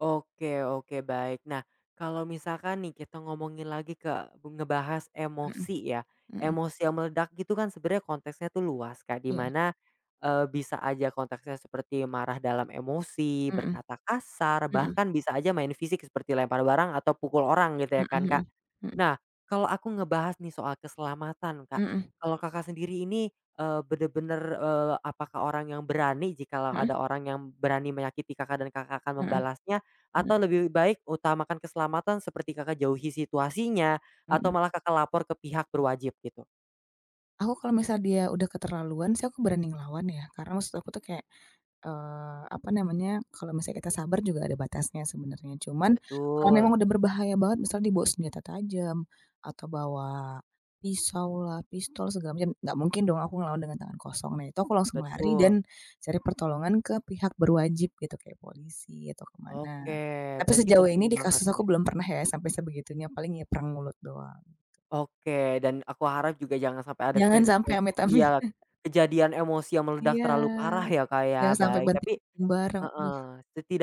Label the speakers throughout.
Speaker 1: Oke oke baik nah kalau misalkan nih kita ngomongin lagi ke ngebahas
Speaker 2: Mhm,
Speaker 1: emosi ya,
Speaker 2: mhm.
Speaker 1: emosi yang meledak gitu kan sebenarnya konteksnya tuh luas kayak di
Speaker 2: Iya.
Speaker 1: mana, eee, bisa aja konteksnya seperti marah dalam emosi,
Speaker 2: Mhm,
Speaker 1: berkata kasar
Speaker 2: mhm.
Speaker 1: bahkan bisa aja main fisik seperti lempar barang atau pukul orang gitu ya
Speaker 2: Mhm
Speaker 1: kan
Speaker 2: mhm,
Speaker 1: Kak,
Speaker 2: mhm.
Speaker 1: nah kalau aku ngebahas nih soal keselamatan Kak,
Speaker 2: Mhm.
Speaker 1: kalau Kakak, sendiri ini, eee, bener-bener, eee, apakah orang yang berani jikalau ada
Speaker 2: Mhm.
Speaker 1: orang yang berani menyakiti Kakak, dan Kakak, akan
Speaker 2: Mhm,
Speaker 1: membalasnya?
Speaker 2: mhm.
Speaker 1: Atau lebih baik utamakan keselamatan seperti Kakak, jauhi situasinya, atau
Speaker 2: Mhm.
Speaker 1: malah Kakak, lapor ke pihak berwajib gitu?
Speaker 2: Aku kalau misal dia udah keterlaluan sih aku berani ngelawan ya karena maksud aku tuh kayak, eee, apa namanya, kalau misalnya kita sabar juga ada batasnya sebenarnya cuman kalau memang
Speaker 1: Betul.
Speaker 2: udah berbahaya banget misal dia bawa senjata tajam, atau bawa, pisaulah, pistol segala macem gak mungkin dong aku ngelawan dengan tangan kosong nah itu aku langsung lari
Speaker 1: Betul.
Speaker 2: dan, cari pertolongan ke pihak berwajib gitu kayak polisi atau ke
Speaker 1: Oke
Speaker 2: mana, tapi
Speaker 1: berarti
Speaker 2: sejauh
Speaker 1: penting
Speaker 2: ini di
Speaker 1: banget
Speaker 2: kasus
Speaker 1: ya.
Speaker 2: aku belum pernah ya sampe sebegitunya paling ya perang mulut doang.
Speaker 1: Oke dan aku harap juga jangan sampai ada
Speaker 2: Jangan
Speaker 1: ke ke
Speaker 2: sampai amit, amit.
Speaker 1: iya, kejadian emosi yang meledak
Speaker 2: Iya,
Speaker 1: terlalu parah ya Kak,
Speaker 2: jangan
Speaker 1: ya
Speaker 2: sampai
Speaker 1: baik
Speaker 2: banting
Speaker 1: tapi
Speaker 2: barang duh,
Speaker 1: heeh,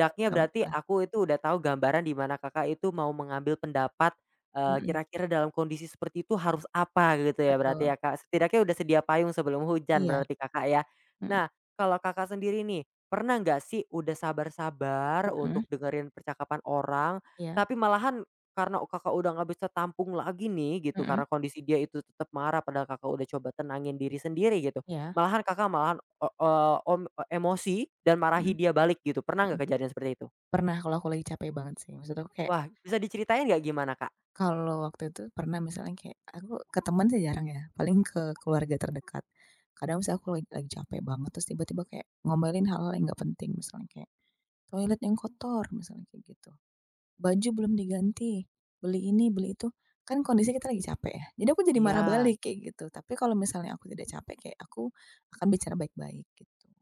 Speaker 2: jangan
Speaker 1: berarti
Speaker 2: sampailah.
Speaker 1: aku itu udah tahu gambaran di mana Kakak, itu mau mengambil pendapat, eee,
Speaker 2: Mhm.
Speaker 1: kira-kira dalam kondisi seperti itu harus apa gitu ya berarti
Speaker 2: Betul.
Speaker 1: ya Kak, setidaknya udah sedia payung sebelum hujan
Speaker 2: Iya,
Speaker 1: berarti Kakak, ya.
Speaker 2: mhm.
Speaker 1: Nah kalau Kakak, sendiri nih pernah nggak sih Udah sabar sabar
Speaker 2: Mhm.
Speaker 1: untuk dengerin percakapan orang
Speaker 2: Iya.
Speaker 1: tapi malahan, karena Kakak, udah nggak bisa tampung lagi nih gitu
Speaker 2: Mhm.
Speaker 1: karena kondisi dia itu tetap marah padahal Kakak, udah coba tenangin diri sendiri gitu,
Speaker 2: Iya.
Speaker 1: malahan Kakak, malahan, eee eee, om, e emosi dan
Speaker 2: Mhm,
Speaker 1: marahi dia balik gitu pernah gak
Speaker 2: mhm,
Speaker 1: kejadian seperti itu?
Speaker 2: pernah kalau aku lagi capek banget sih maksud aku kayak
Speaker 1: Wah bisa diceritain gak gimana Kak?
Speaker 2: Kalau waktu itu pernah misalnya kayak aku ke teman sih jarang ya paling ke keluarga terdekat, kadang misal aku lag lagi capek banget terus tiba-tiba kayak ngomelin hal-hal yang gak penting misalnya kayak, toilet yang kotor misalnya kayak gitu, baju belum diganti, beli ini beli itu kan kondisi kita lagi capek ya jadi aku jadi marah
Speaker 1: Iya.
Speaker 2: balik kayak gitu tapi kalau misalnya aku tidak capek kayak aku, akan bicara baik-baik gitu.